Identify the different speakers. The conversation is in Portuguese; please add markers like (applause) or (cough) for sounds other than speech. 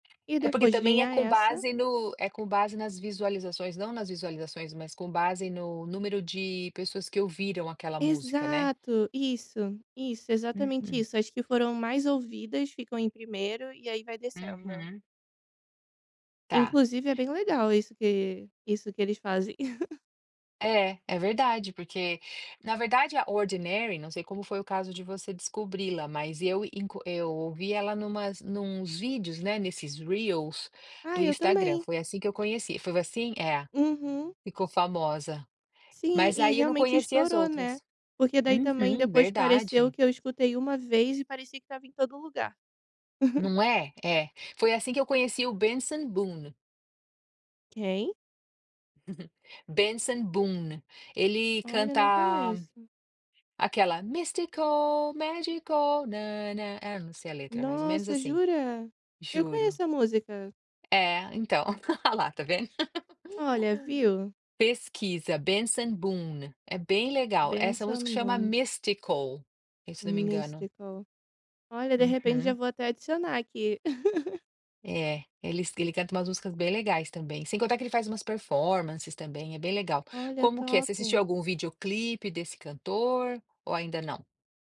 Speaker 1: E
Speaker 2: É porque
Speaker 1: depois
Speaker 2: também é
Speaker 1: vinha
Speaker 2: com
Speaker 1: essa
Speaker 2: base no é com base nas visualizações, não nas visualizações, mas com base no número de pessoas que ouviram aquela música, né.
Speaker 1: Exato, isso, isso, exatamente
Speaker 2: Uhum.
Speaker 1: isso, as que foram mais ouvidas ficam em primeiro e aí vai descendo.
Speaker 2: uhum. Tá.
Speaker 1: Inclusive é bem legal isso que isso que eles fazem. (chuckles)
Speaker 2: É, é verdade porque, na verdade a Ordinary, não sei como foi o caso de você descobri-la, mas eu inclu eu ouvi ela em umas em uns vídeos, né, nesses reels
Speaker 1: Ah
Speaker 2: do
Speaker 1: eu
Speaker 2: Instagram,
Speaker 1: também.
Speaker 2: foi assim que eu conheci. Foi assim? É,
Speaker 1: Uhum.
Speaker 2: ficou famosa.
Speaker 1: Sim
Speaker 2: Mas
Speaker 1: e
Speaker 2: aí eu não
Speaker 1: realmente
Speaker 2: conhecia as
Speaker 1: estourou, né,
Speaker 2: outras.
Speaker 1: porque daí também
Speaker 2: Uhum,
Speaker 1: depois pareceu
Speaker 2: verdade.
Speaker 1: que eu escutei uma vez e parecia que estava em todo lugar. (giggles)
Speaker 2: Não é? É. Foi assim que eu conheci o Bensen Boone.
Speaker 1: Quem?
Speaker 2: (giggles) Benson Boone, ele
Speaker 1: Olha,
Speaker 2: canta
Speaker 1: não conheço.
Speaker 2: aquela é: "mystical, magical na-na-na" não sei a letra, mais ou menos
Speaker 1: Nossa,
Speaker 2: assim,
Speaker 1: jura? Eu
Speaker 2: juro,
Speaker 1: conheço a música.
Speaker 2: é então, (giggles) a lá está vendo?
Speaker 1: Olha, viu.
Speaker 2: (giggles) Pesquisa Benson Boone é bem legal, essa música
Speaker 1: Bensen
Speaker 2: chama
Speaker 1: Boone.
Speaker 2: Mystical se eu não me engano.
Speaker 1: Mystical. Olha de repente já
Speaker 2: Uhum.
Speaker 1: vou até adicionar aqui. (giggles)
Speaker 2: É, eles ele canta umas músicas bem legais também, sem contar que ele faz umas performances também, é bem legal.
Speaker 1: Olha,
Speaker 2: Como que é? Você assistiu
Speaker 1: top.
Speaker 2: algum videoclipe desse cantor ou ainda não?